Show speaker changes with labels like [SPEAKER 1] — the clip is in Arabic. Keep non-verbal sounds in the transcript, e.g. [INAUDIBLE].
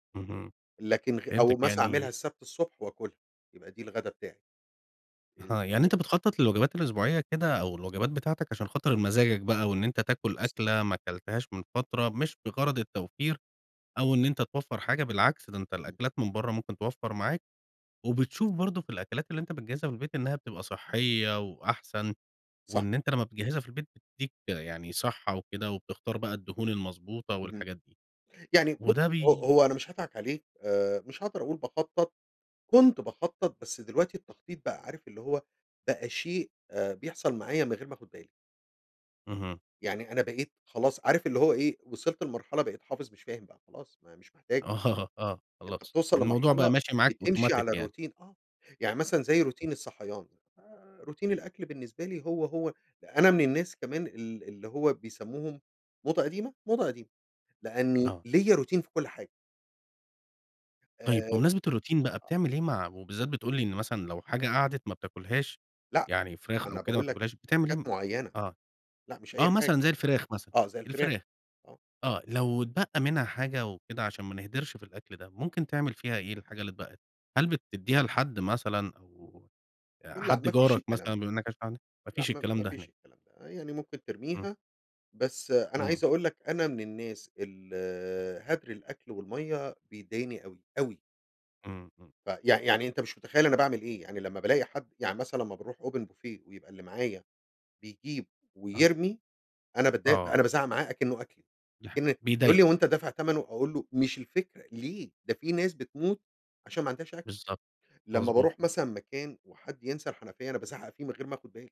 [SPEAKER 1] اهم،
[SPEAKER 2] لكن غ
[SPEAKER 1] فهمتَك
[SPEAKER 2] أو مثلًا أعملها
[SPEAKER 1] يعني
[SPEAKER 2] السبت الصبح وآكلها، يبقى دي الغدا بتاعي. امم،
[SPEAKER 1] آه، يعني
[SPEAKER 2] لأ.
[SPEAKER 1] أنت بتخطط للوجبات الأسبوعية كده أو الوجبات بتاعتك، عشان خاطر مزاجك بقى وإن أنت تاكل أكلة ما اكلتهاش من فترة، مش بغرض التوفير، أو إن أنت توفر حاجة، بالعكس ده أنت
[SPEAKER 2] اهم.
[SPEAKER 1] الأكلات من بره ممكن توفر معاك، وبتشوف برضو في الأكلات اللي أنت بتجهزها في البيت إنها بتبقى صحية وأحسن،
[SPEAKER 2] صح.
[SPEAKER 1] وإن أنت لما بتجهزها في البيت بتديك يعني صحة وكده وبتختار بقى الدهون المضبوطة
[SPEAKER 2] اهم،
[SPEAKER 1] والحاجات دي.
[SPEAKER 2] يعني ب
[SPEAKER 1] وده
[SPEAKER 2] هو
[SPEAKER 1] بي
[SPEAKER 2] هو أنا مش هاضحك عليك، آآ، مش هاقدر أقول باخطط، كنت باخطط، بس دلوقتي التخطيط بقى عارف اللي هو بقى شيء آآ، بيحصل معايا من غير ما آخد بالي.
[SPEAKER 1] اهم.
[SPEAKER 2] يعني أنا بقيت خلاص عارف اللي هو إيه؟ وصلت لمرحلة بقيت حافظ مش فاهم بقى خلاص ما هي مش محتاجة.
[SPEAKER 1] آه آه
[SPEAKER 2] أنت
[SPEAKER 1] خلاص،
[SPEAKER 2] بتوصل
[SPEAKER 1] الموضوع بقى
[SPEAKER 2] لمرحلة
[SPEAKER 1] ماشي معاك
[SPEAKER 2] بتمشي
[SPEAKER 1] أوتوماتيك
[SPEAKER 2] على
[SPEAKER 1] يعني.
[SPEAKER 2] الروتين، آه، يعني مثلًا زي
[SPEAKER 1] [UNINTELLIGIBLE]
[SPEAKER 2] روتين الصحيان، آآ، روتين الآكل بالنسبه لي هو، هو، أنا من الناس كمان ال اللي هو بيسموهم موضة قديمة، موضة قديمة؛ لأني
[SPEAKER 1] آه.
[SPEAKER 2] ليّا روتين في كل حاجة. آآ،
[SPEAKER 1] طيب بمناسبة الروتين بقى،
[SPEAKER 2] آه.
[SPEAKER 1] بتعمل إيه مع وبالذات بتقول لي إن مثلًا لو حاجة قعدت ما بتاكلهاش،
[SPEAKER 2] لأ،
[SPEAKER 1] يعني فراخ أو
[SPEAKER 2] أنا
[SPEAKER 1] كده ما
[SPEAKER 2] باقول لك
[SPEAKER 1] بتاكلهاش، بتعمل إيه
[SPEAKER 2] حاجات معينة،
[SPEAKER 1] آه،
[SPEAKER 2] لأ مش
[SPEAKER 1] آه،
[SPEAKER 2] أي حاجة،
[SPEAKER 1] مثلًا زي الفراخ مثلًا،
[SPEAKER 2] آه زي الفراخ،
[SPEAKER 1] الفراخ،
[SPEAKER 2] آه.
[SPEAKER 1] آه، لو اتبقى منها حاجة وكده عشان ما نهدرِش في الأكل ده، ممكن تعمل فيها إيه الحاجة اللي اتبقت؟ هل بتديها لحد مثلًا، أو آآ،
[SPEAKER 2] لأ
[SPEAKER 1] حد
[SPEAKER 2] ما فيش
[SPEAKER 1] جارك
[SPEAKER 2] الكلام
[SPEAKER 1] مثلًا بما
[SPEAKER 2] ده،
[SPEAKER 1] انك عايش لوحدك؟ ما
[SPEAKER 2] لأ
[SPEAKER 1] فيش
[SPEAKER 2] ما
[SPEAKER 1] الكلام
[SPEAKER 2] ما
[SPEAKER 1] ده
[SPEAKER 2] فيش
[SPEAKER 1] هناك.
[SPEAKER 2] الكلام ده، يعني ممكن
[SPEAKER 1] امم.
[SPEAKER 2] ترميها، بس أنا
[SPEAKER 1] امم.
[SPEAKER 2] عايز أقول لك أنا من الناس ال هدر الأكل والمَيّة بيضايقني أوي، أوي.
[SPEAKER 1] امم، امم.
[SPEAKER 2] ف يع يعني أنت مش متخيل أنا باعمل إيه، يعني لمّا بالاقي حد يعني مثلًا لمّا باروح Open Buffet ويبقى اللي معايا بيجيب
[SPEAKER 1] آه.
[SPEAKER 2] ويرمي، أنا باتضايق، أنا
[SPEAKER 1] آه.
[SPEAKER 2] بازعق معاه أكنه أكلي،
[SPEAKER 1] دي ح
[SPEAKER 2] أكن يقول لي:
[SPEAKER 1] بيضايقك.
[SPEAKER 2] "هو أنت دافع تمَنه؟" أقول له: "مش الفكرة، ليه؟! ده في ناس بتموت عشان ما عندهاش أكل."
[SPEAKER 1] بالضبط،
[SPEAKER 2] لمّا
[SPEAKER 1] مضبوط
[SPEAKER 2] باروح
[SPEAKER 1] آه.
[SPEAKER 2] مثلًا مكان وحد ينسى الحنفية، أنا بازعق فيه من غير ما آخد بالي.